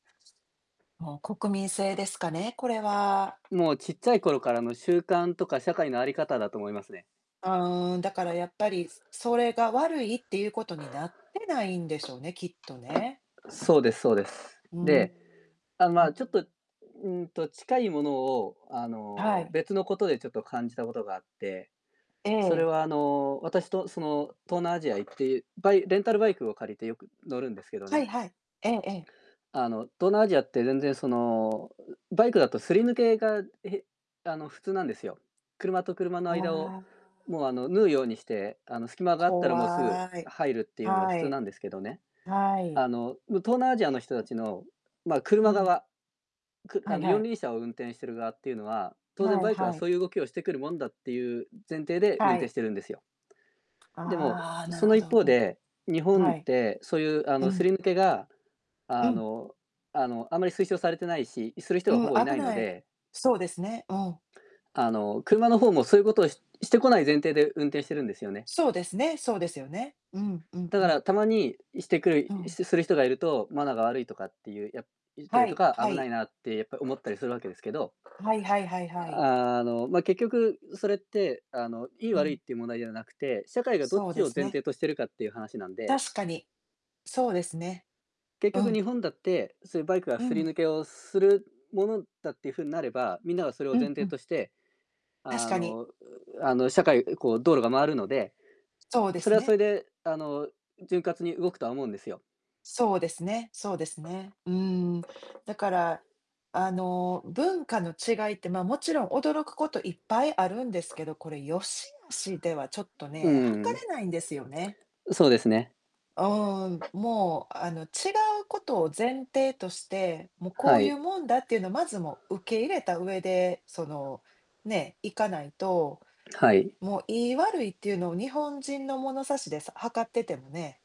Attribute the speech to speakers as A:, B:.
A: [unintelligible] もう国民性ですかね、これは。
B: もうちっちゃい頃からの習慣とか社会のあり方だと思いますね。
A: あ、うん、だからやっぱり、すそれが悪いっていうことになってないんでしょうね、きっとね。
B: そうですそうです。
A: うーん。
B: で、あ、
A: う
B: ま
A: ん。
B: あちょっと、ん、うーんと近いものを、あ
A: あ、は
B: の、
A: い。
B: 別のことでちょっと感じたことがあって、
A: え
B: それ
A: え。
B: はあの、私とその東南アジア行って、バイレンタルバイクを借りてよく乗るんですけど
A: はい
B: ね
A: はい。ええええ。
B: あの東南アジアって全然その、ううバイクだとすり抜けが、えへあの、普通なんですよ。車と車の
A: あ
B: 間を、
A: あ。
B: もうあの縫うようにして、あの隙間があったらもうすぐ
A: 怖い。
B: 入るっていうのは普
A: は
B: 通
A: い。
B: なんですけどね。
A: あ、はい。
B: あの東南アジアの人たちの、まあ、
A: う
B: 車
A: ん。
B: 側、く
A: は
B: あ
A: い
B: の
A: は
B: 四
A: い。
B: 輪車を運転してる側っていうのは、当然
A: はい
B: バイクは
A: はい。
B: そういう動きをしてくるもんだっていう、ん、前提で運
A: は
B: 転
A: い。
B: してるんですよ。でも、
A: ああ、なる
B: その
A: ほ
B: 一
A: ど。
B: 方
A: うん。
B: で、日本
A: は
B: っ
A: い。
B: てそういうあ
A: え、う
B: のす
A: ん。
B: り抜けが、
A: う
B: あ
A: ん。
B: のあの、あまり推奨されてないし、いする人がほぼい
A: う危
B: ないの
A: ない
B: で
A: そうですね、うん。
B: あの、車の方もそういうことをししてこない前提で運転してるんですよね。
A: そうですね、そうですよね。うん、うん
B: だ
A: う
B: か
A: ん。
B: らたまにしてくる、
A: う
B: いいし
A: ん。
B: てする人がいると、マナーが悪いとかっていう、や言った
A: は
B: りと
A: い
B: か、
A: は
B: 危な
A: い。
B: いなってやっぱ思ったりするわけですけど、
A: ん、はいはいはいはい。
B: あの、ま、結局、うそれって、あの、良い
A: う
B: 悪いっ
A: ん。
B: ていう問題ではなくて、社会がどっ
A: そう
B: ち
A: で
B: を
A: す
B: 前
A: ね。
B: 提としてるかっていう話なんで
A: 確かに、そうですね。
B: 結
A: う
B: 局
A: ん。
B: 日本だって、そういうバイクが
A: う
B: すり
A: ん。
B: 抜けをするものだっていう風になれば、みんながそれ
A: う
B: を前
A: んう
B: 提
A: ん。
B: として、
A: 確
B: あ
A: かに。
B: の、ううあの社会こう道路が回るので、
A: そう
B: う
A: で
B: そ
A: す
B: れはそ
A: ね。
B: れで、あの、ん、潤滑に動くとは思うんですよ。
A: そうですねそうですね。うーん。だから、あの、う文化の違いって、まあもちろん驚くこといっぱいあるんですけど、これ良し悪しではちょっと
B: ううう
A: ね、測
B: ーん。
A: れないんですよね。
B: うそうですね。
A: あ、うーん、もう、あの、違うことを前提として、も、こ
B: は
A: ういう
B: い。
A: もんだっていうのをまずもう受け入れた上で、その、ね、いかないと、
B: はい。
A: もう良い悪いっていうのを日本人の物差しでさ測っててもね。